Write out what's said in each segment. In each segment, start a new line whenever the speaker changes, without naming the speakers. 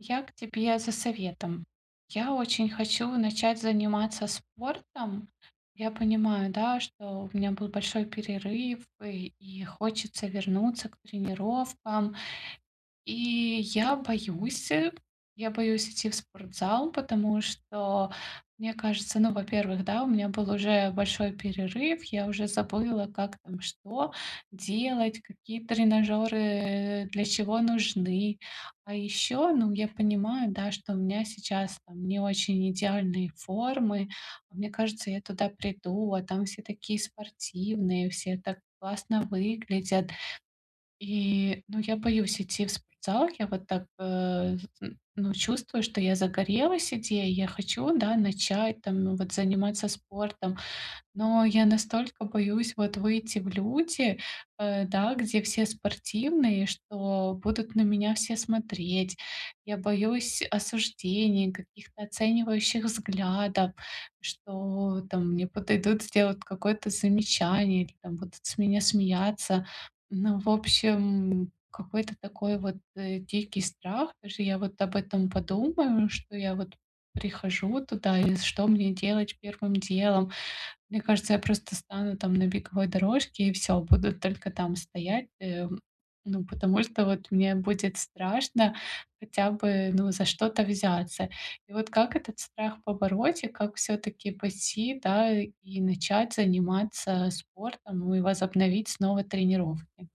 Я к тебе за советом. Я очень хочу начать заниматься спортом. Я понимаю, да, что у меня был большой перерыв, и и хочется вернуться к тренировкам. И я боюсь, я боюсь идти в спортзал, потому что, мне кажется, ну, во-первых, да, у меня был уже большой перерыв, я уже забыла, как там что делать, какие тренажёры, э, для чего нужны. А ещё, ну, я понимаю, да, что у меня сейчас там не очень идеальные формы. Мне кажется, я туда приду, а там все такие спортивные, все так классно выглядят. И, ну, я боюсь идти в спортзал, я вот так, э, з м, ну, чувствую, что я загорелась идеей, я хочу, да, начать, там, вот, заниматься спортом, но я настолько боюсь, вот, выйти в люди, э, да, где все спортивные, что будут на меня все смотреть. Я боюсь осуждения, каких-то оценивающих взглядов, что, там, мне подойдут сделать какое-то замечание или, там, будут с меня смеяться. Ну, в общем, какой-то такой вот, э, дикий страх. Даже я вот об этом подумаю, что я вот прихожу туда, и что мне делать первым делом. Мне кажется, я просто стану там на беговой дорожке и всё, буду только там стоять, эм, ну, потому что вот мне будет страшно хотя бы, ну, за что-то взяться. И вот как этот страх побороть, и как всё-таки пойти, да, и начать заниматься спортом, ну, и возобновить снова тренировки?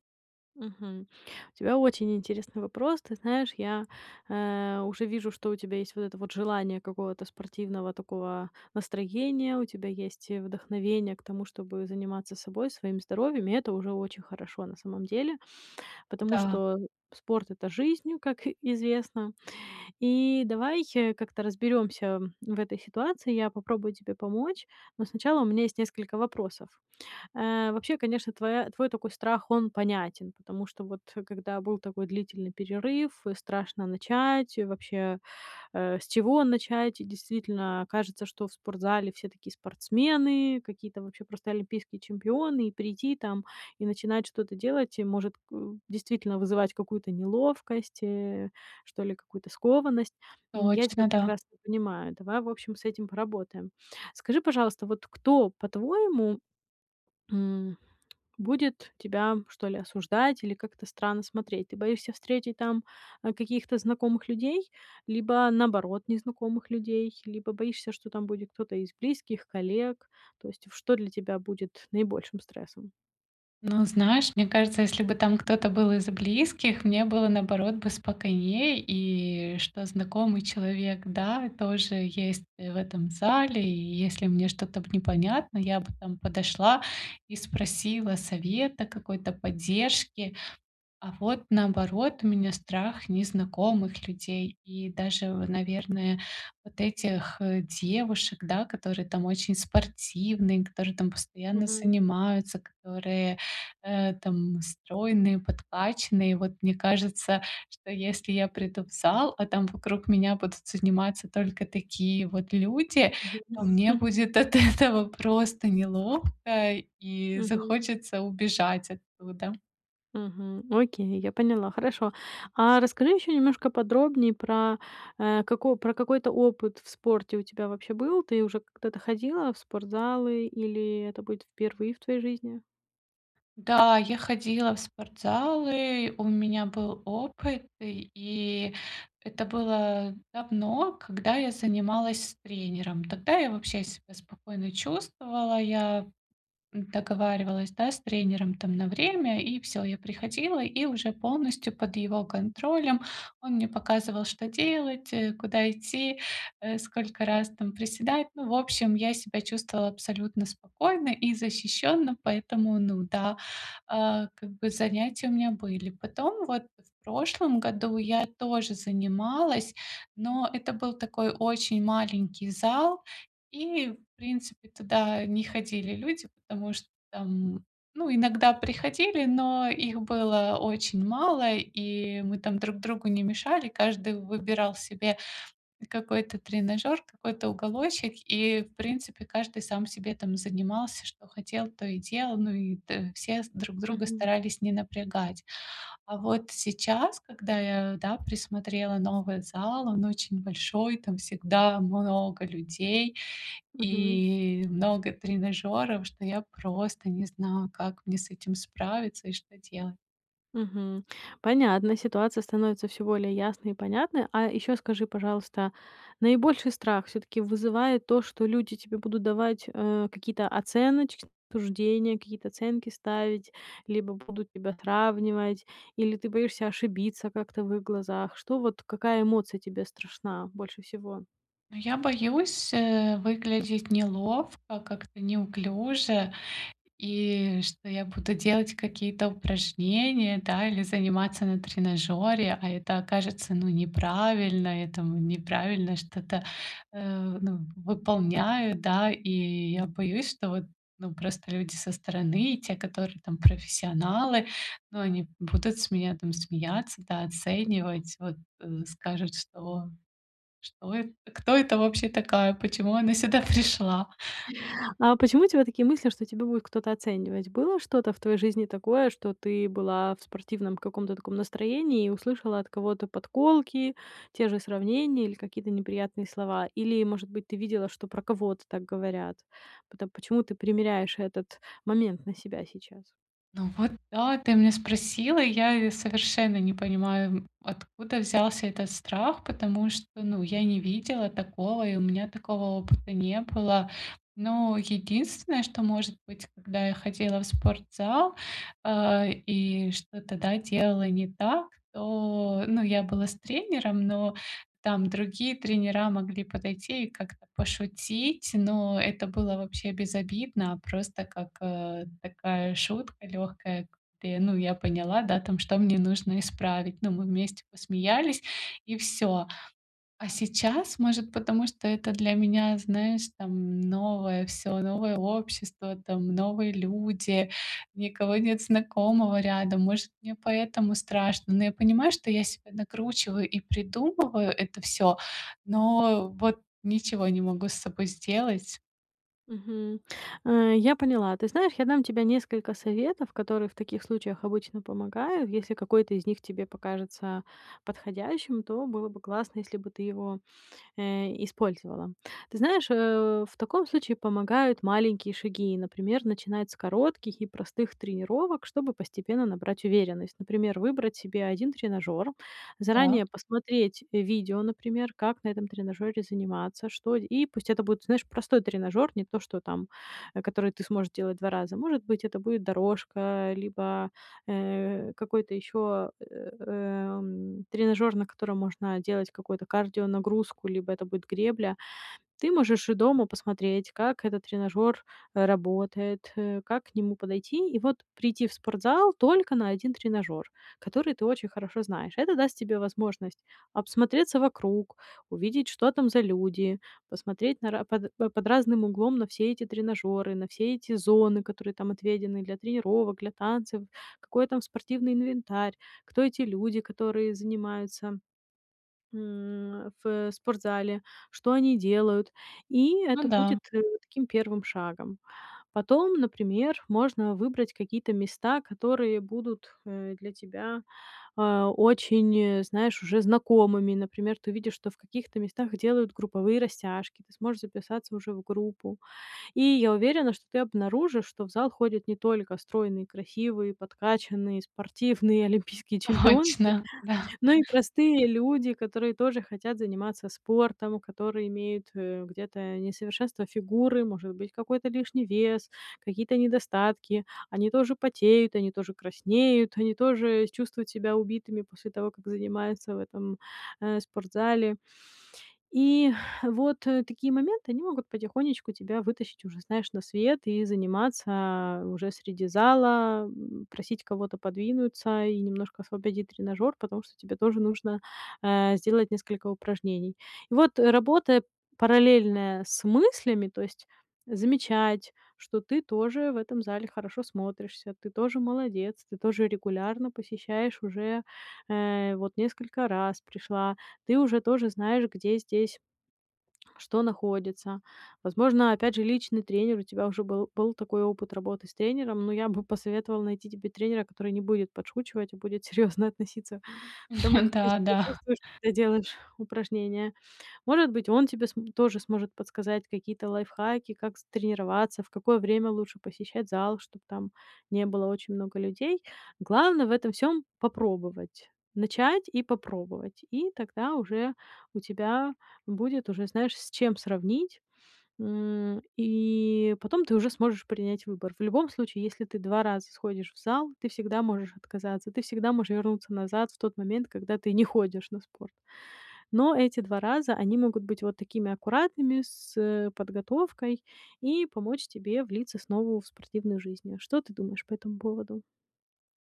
Мгм. У тебя очень интересный вопрос. Ты знаешь, я, э, уже вижу, что у тебя есть вот это вот желание какого-то спортивного такого настроения, у тебя есть и вдохновение к тому, чтобы заниматься собой, своим здоровьем. И это уже очень хорошо на самом деле, потому
Да.
что спорт- это жизнь, как известно. И давай как-то разберёмся в этой ситуации. Я попробую тебе помочь. Но сначала у меня есть несколько вопросов. Э, вообще, конечно, твоя твой такой страх он понятен, потому что вот когда был такой длительный перерыв, страшно начать, вообще, э, с чего начать? И действительно кажется, что в спортзале все такие спортсмены, какие-то вообще просто олимпийские чемпионы, и прийти там и начинать что-то делать и может, э, действительно вызывать какую-то неловкость, э, что ли, какую-то скованность. М, я тебя
Точно, да.
прекрасно понимаю. Давай, в общем, с этим поработаем. Скажи, пожалуйста, вот кто, по-твоему, м, будет тебя, что ли, осуждать или как-то странно смотреть? Ты боишься встретить там, а, каких-то знакомых людей либо, наоборот, незнакомых людей, либо боишься, что там будет кто-то из близких, коллег? То есть что для тебя будет наибольшим стрессом?
Ну, знаешь, мне кажется, если бы там кто-то был из близких, мне было, наоборот, бы спокойнее. И что знакомый человек, да, тоже есть, э, в этом зале. И если мне что-то, б непонятно, я бы там подошла и спросила совета, какой-то поддержки. А вот, наоборот, у меня страх незнакомых людей и даже, в наверное, вот этих, э, девушек, да, которые там очень спортивные, которые там постоянно
Мгм.
занимаются, которые, э, там стройные, подкачанные. Вот мне кажется, что если я приду в зал, а там вокруг меня будут заниматься только такие вот люди,
Мгм.
то мне будет от этого просто неловко и
Мгм.
захочется убежать оттуда.
Мгм, окей, я поняла, хорошо. А расскажи ещё немножко подробнее про, э, како про какой-то опыт в спорте у тебя вообще был? Ты уже когда-то ходила в спортзалы, или это будет впервые в твоей жизни?
Да, я ходила в спортзалы, у меня был опыт, и это было давно, когда я занималась с тренером. Тогда я вообще себя спокойно чувствовала, я, м, договаривалась, да, с тренером, там, на время. И всё, я приходила, и уже полностью под его контролем он мне показывал, что делать, э, куда идти, э, сколько раз там приседать. Ну, в общем, я себя чувствовала абсолютно спокойно и защищённо, поэтому, ну да, а, как бы, занятия у меня были. Потом, вот, в прошлом году я тоже занималась, но это был такой очень маленький зал, и, в принципе, туда не ходили люди, потому что, там, ну, иногда приходили, но их было очень мало, и мы там друг другу не мешали. Каждый выбирал себе какой-то тренажёр, какой-то уголочек, и, в принципе, каждый сам себе там занимался, что хотел, то и делал, ну, и та все друг друга
Мгм.
старались не напрягать. А вот сейчас, когда я, да, присмотрела новый зал, он очень большой, там всегда много людей
Мгм.
и много тренажёров, что я просто не знаю, как мне с этим справиться и что делать.
Мгм. Понятно, ситуация становится всё более ясной и понятной. А ещё скажи, пожалуйста, наибольший страх всё-таки вызывает то, что люди тебе будут давать, э, какие-то оценочные суждения, какие-то оценки ставить, либо будут тебя сравнивать, или ты боишься ошибиться как-то в их глазах? Что, вот какая эмоция тебе страшна больше всего?
Ну, я боюсь, э, выглядеть неловко, как-то неуклюже, и что я буду делать какие-то упражнения, да, или заниматься на тренажёре, а это окажется, ну, неправильно, я там неправильно что-то, э, ну, выполняю, да, и я боюсь, что вот, ну, просто люди со стороны, те, которые там профессионалы, ну, они будут с меня там смеяться, да, оценивать, вот, э, скажут, что что это, кто это вообще такая, почему она сюда пришла?
А почему у тебя такие мысли, что тебя будет кто-то оценивать? Было что-то в твоей жизни такое, что ты была в спортивном каком-то таком настроении и услышала от кого-то подколки, те же сравнения или какие-то неприятные слова? Или, может быть, ты видела, что про кого-то так говорят? Пото почему ты примеряешь этот момент на себя сейчас?
Ну, вот да, ты меня спросила, и я и совершенно не понимаю, откуда взялся этот страх, потому что, ну, я не видела такого, и у меня такого опыта не было. Но единственное, что может быть, когда я ходила в спортзал, э, и что-то, да, делала не так, то, ну, я была с тренером, но там другие тренера могли подойти и как-то пошутить, но это было вообще безобидно, просто как, э, такая шутка лёгкая, где, ну, я поняла, да, там, что мне нужно исправить. Ну, мы вместе посмеялись и всё. А сейчас, может, потому что это для меня, знаешь, там, новое всё, новое общество, там, новые люди, никого нет знакомого рядом, может, мне поэтому страшно, но я понимаю, что я себя накручиваю и придумываю это всё, но вот ничего не могу с собой сделать.
Мгм, э, я поняла. Ты знаешь, я дам тебе несколько советов, которые в таких случаях обычно помогают. Если какой-то из них тебе покажется подходящим, то было бы классно, если бы ты его, э, использовала. Ты знаешь, э, в таком случае помогают маленькие шаги. Например, начинать с коротких и простых тренировок, чтобы постепенно набрать уверенность. Например, выбрать себе 1 тренажёр,
Да.
заранее посмотреть, э, видео, например, как на этом тренажёре заниматься, что, и пусть это будет, знаешь, простой тренажёр, не то, что там, э, который ты сможешь делать 2 раза. Может быть, это будет дорожка либо, э, какой-то ещё, эм, тренажёр, на котором можно делать какую-то кардионагрузку, либо это будет гребля. Ты можешь и дома посмотреть, как этот тренажёр работает, э, как к нему подойти, и вот прийти в спортзал только на 1 тренажёр, который ты очень хорошо знаешь. Это даст тебе возможность обсмотреться вокруг, увидеть, что там за люди, посмотреть на ра под, э, под разным углом на все эти тренажёры, на все эти зоны, которые там отведены для тренировок, для танцев, какой там спортивный инвентарь, кто эти люди, которые занимаются, м, в спортзале, что они делают? И
Ну
это
да.
будет, э, таким первым шагом. Потом, например, можно выбрать какие-то места, которые будут, э, для тебя, а, очень, э, знаешь, уже знакомыми. Например, ты увидишь, что в каких-то местах делают групповые растяжки, ты сможешь записаться уже в группу. И я уверена, что ты обнаружишь, что в зал ходят не только стройные, красивые, подкачанные, спортивные олимпийские чемпионки,
Точно, да.
но и простые люди, которые тоже хотят заниматься спортом, которые имеют, э, где-то несовершенство фигуры, может быть, какой-то лишний вес, какие-то недостатки. Они тоже потеют, они тоже краснеют, они тоже чувствуют себя убитыми после того, как занимаются в этом, э, спортзале. И вот такие моменты, они могут потихонечку тебя вытащить уже, знаешь, на свет и заниматься уже среди зала, м, просить кого-то подвинуться и немножко освободить тренажёр, потому что тебе тоже нужно, э, сделать несколько упражнений. И вот, работая параллельно с мыслями, то есть замечать, что ты тоже в этом зале хорошо смотришься, ты тоже молодец, ты тоже регулярно посещаешь уже, э, вот несколько раз пришла, ты уже тоже знаешь, где здесь что находится. Возможно, опять же, личный тренер у тебя уже был, был такой опыт работы с тренером, но я бы посоветовала найти тебе тренера, который не будет подшучивать, а будет серьёзно относиться к тому, как ты
Да,
себя
да.
чувствуешь, когда делаешь упражнения. Может быть, он тебе, см тоже сможет подсказать какие-то лайфхаки, как, з тренироваться, в какое время лучше посещать зал, чтоб там не было очень много людей. Главное в этом всём- попробовать, начать и попробовать, и тогда уже у тебя будет уже, знаешь, с чем сравнить. М, и потом ты уже сможешь принять выбор. В любом случае, если ты 2 раза сходишь в зал, ты всегда можешь отказаться, ты всегда можешь вернуться назад в тот момент, когда ты не ходишь на спорт. Но эти 2 раза, они могут быть вот такими аккуратными, с, э, подготовкой и помочь тебе влиться снова в спортивную жизнь, а. Что ты думаешь по этому поводу?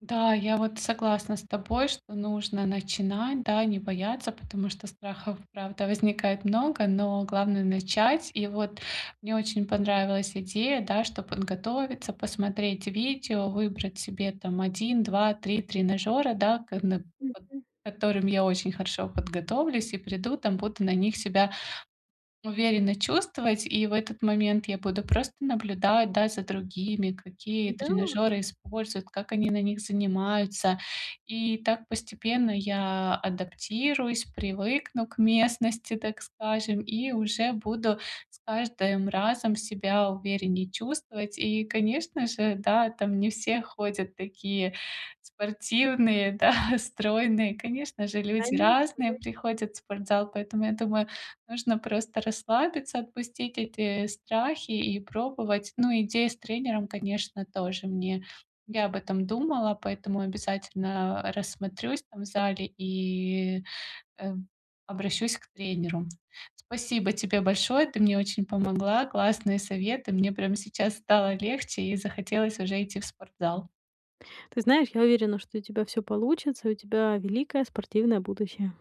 Да, я вот согласна с тобой, что нужно начинать, да, не бояться, потому что страхов, правда, возникает много, но главное начать. И вот мне очень понравилась идея, да, чтобы подготовиться, посмотреть видео, выбрать себе, там, 1, 2, 3 тренажёра, да, ка на под
Мгм.
которым я очень хорошо подготовлюсь и приду, там, буду на них себя уверенно чувствовать. И в этот момент я буду просто наблюдать, да, за другими, какие
Да.
тренажёры используют, как они на них занимаются. И так постепенно я адаптируюсь, привыкну к местности, так скажем, и уже буду с каждым разом себя увереннее чувствовать. И, конечно же, да, там не все ходят такие спортивные, да, стройные, конечно же, люди
Конечно,
разные
да.
приходят в спортзал, поэтому, я думаю, нужно просто расслабиться, отпустить эти страхи и пробовать. Ну, идея с тренером, конечно, тоже мне я об этом думала, поэтому обязательно, э, рассмотрюсь там в зале и, э, обращусь к тренеру. Спасибо тебе большое, ты мне очень помогла, классные советы. Мне прям сейчас стало легче и захотелось уже идти в спортзал.
Ты знаешь, я уверена, что у тебя всё получится и у тебя великое спортивное будущее!